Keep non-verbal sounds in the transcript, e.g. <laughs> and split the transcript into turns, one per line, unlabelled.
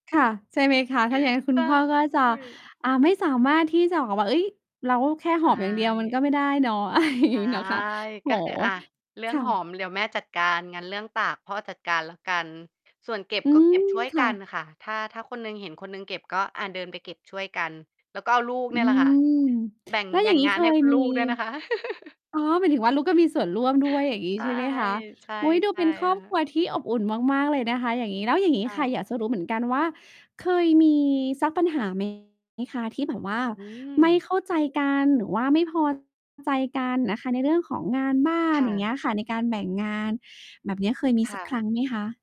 ค่ะ ใช่ไหมคะ ถ้าอย่างงั้นคุ
ใช
ณพ่อก็จะ
่
อ่า ไม่สามารถที่จะบอกว่า เฮ้ย เราแค่
ใช
หอบอย่างเดียวมัน
่
ก็ไม่ได้เนาะ อะไรอย่าง
ใช
ง
่
ี้เนาะคะ โอ้โฮ
ก็คือ อ่า เรื่
ค
อง
่
หอ
ะ
มเดี๋ยวแม่จัดการ งั้นเรื่องตากพ่อจัดการแล้วกัน ส่วนเก็บ
อื
ก็ เก็
ม
บ ช่วย
ค
ก
่
ัน
ะ
ค่ะ ถ้า ถ้าคนหนึ่งเห็นคนหนึ่งเก็บก็ อา เดินไปเก็บช่วยกัน แล้วก็เอาลูก
อ
เ
ื
นี่ยแหละค่ะ
ม
แบ่ง
แล้ว
แบ
อย
่
่า
ง
งงี้
งาน
เค
ให้
ย
คุณ
ม
ล
ี
ูกด้วยนะคะ <laughs>
อ๋อ หมายถึงว่าลูกก็มีส่วนร่วมด้วย อย่างงี้
ใช่
ใช่ไหมคะ
ๆ ใช่
อุ้ย ดู
ค
เ
่
ป็นครอบค
ะ
รัวที่อบอุ่นมาก ๆ เลยนะคะ อย่างงี้ แล้วอย่างงี้
ค่
ค่ะ
ะ
อยากจะรู้เหมือนกันว่า เคยมีสักปัญหา ไหม คะที่แบบว่า
อื
ไม่
ม
เข้าใจกัน หรือว่าไม่ พอใจกันนะคะ ในเรื่องของงานบ้าน
ค่
อย่างเ
ะ
งี้ยค่ะ ในการแบ่งงานแบบเนี้ยเคยมี
ค
ส
่
ักค
ะ
รั้งไหมคะ?